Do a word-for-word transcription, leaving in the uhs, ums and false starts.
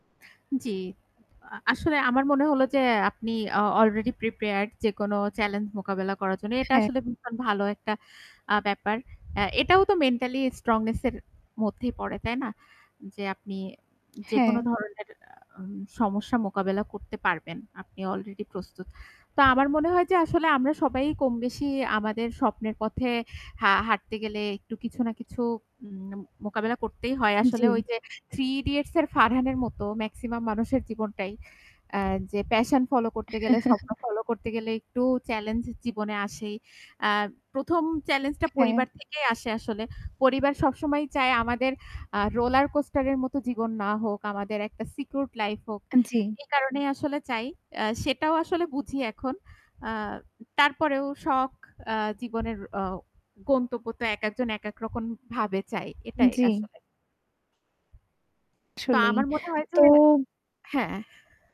জ্বী, আ আসলে আমার মনে হলো যে আপনি আ অলরেডি প্রিপেয়ার্ড যেকোনো চ্যালেঞ্জ মোকাবেলা করার জন্য। এটা হ্যাঁ। আসলে ভীষণ ভালো একটা আ ব্যাপার। অ্যা এটাও তো মেন্টালি স্ট্রংনেস এর মধ্যেই পড়ে তাই না? যে আপনি হ্যাঁ। যেকোনো ধরনের আ আ সমস্যা মোকাবেলা করতে পারবেন। আপনি অলরেডি প্রস্তুত। তো আমার মনে হয় যে আসলে আমরা সবাই কম বেশি আমাদের স্বপ্নের পথে হা হাঁটতে গেলে একটু কিছু না কিছু উম ন মোকাবেলা করতেই হয়। আসলে জ্বী। ওই যে থ্রি ইডিয়েটস এর ফারহানের মতো ম্যাক্সিমাম মানুষের জীবনটাই। আ যে প্যাশন ফলো করতে গেলে, স্বপ্ন ফলো করতে গেলে একটু চ্যালেঞ্জ জীবনে আসেই। আর প্রথম চ্যালেঞ্জ টা হ্যাঁ। পরিবার থেকেই আসে আসলে। পরিবার সবসময়ই চায় আমাদের আ রোলার কোস্টার এর মতো জীবন না হোক, আমাদের একটা সিকিউরড লাইফ হোক। এ জ্বী। এই কারণেই আসলে চাই। আ সেটাও আসলে বুঝি এখন। আ তারপরেও শখ আ জীবনের আ গন্তব্য তো একেকজন একেক রকম ভাবে চায়। এটাই জ্বী। আসলে। তো আসলেই। আমার মনে হয় যে তো হ্যাঁ।